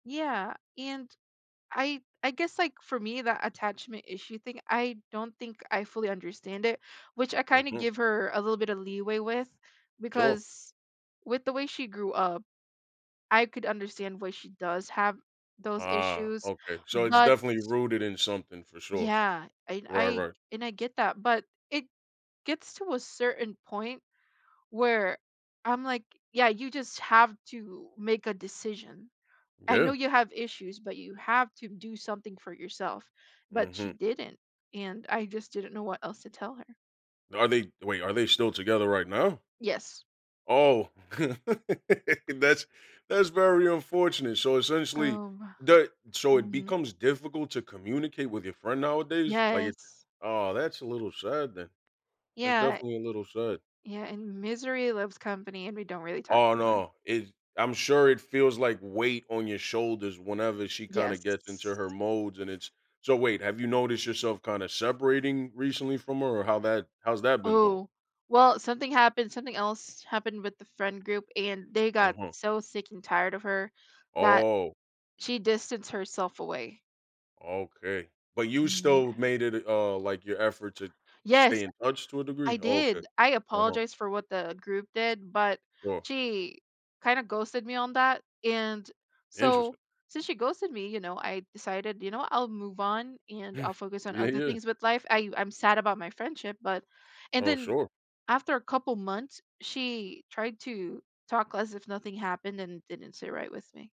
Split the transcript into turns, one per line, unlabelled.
Yeah, and I I guess, like, for me, that attachment issue thing, I don't think I fully understand it, which I kinda
Mhm.
give her a little bit of leeway with,
Sure.
because with the way she grew up, I could understand why she does have those
Ah,
issues,
okay. So, it's
but
definitely rooted in something, for sure.
Yeah, and
Right,
I
right.
and I get that, but it gets to a certain point where I'm like, "Yeah, you just have to make a decision. I know
Yeah.
you have issues, but you have to do something for yourself," but she
Mhm.
didn't and, I just didn't know what else to tell her.
Are they wait, are they still together right now?
Yes.
Oh. That's that's very unfortunate. So, essentially
Oh, wo
the so it
mhm.
becomes difficult to communicate with your friend, nowadays? Like it's
Yes.
aw, that's a little sad, then. That's
Yeah, eh
definitely a little sad.
yeah, and misery loves company and we don't really talk
Aw,
anymore.
no, it I'm sure it feels like weight on your shoulders whenever she kinda
Yes.
gets into her modes and it's so wait, have you noticed yourself kinda separating recently from her or how that how's that been going?
Oh, well, something happened something else happened with the friend group and they got
Uh-huh.
so sick and tired of her that
Oh.
she distanced herself away.
Okay, but you still
Yeah.
made it d uh, like your effort to stay
Yes!
in touch, to a degree?
I
Oh, okay.
did! I
Uh-huh.
apologized for what the group did, but
Sure.
she kinda ghosted me on that, and,
Interesting.
so, since she ghosted me, you know, I decided, you know, I'll move on and
Hm.
I'll focus on
Yeah,
other
yeah.
things with life, I I'm sad about my friendship, but and
Oh,
then,
sure.
after a couple months, she tried to talk as if nothing happened and didn't sit right with me.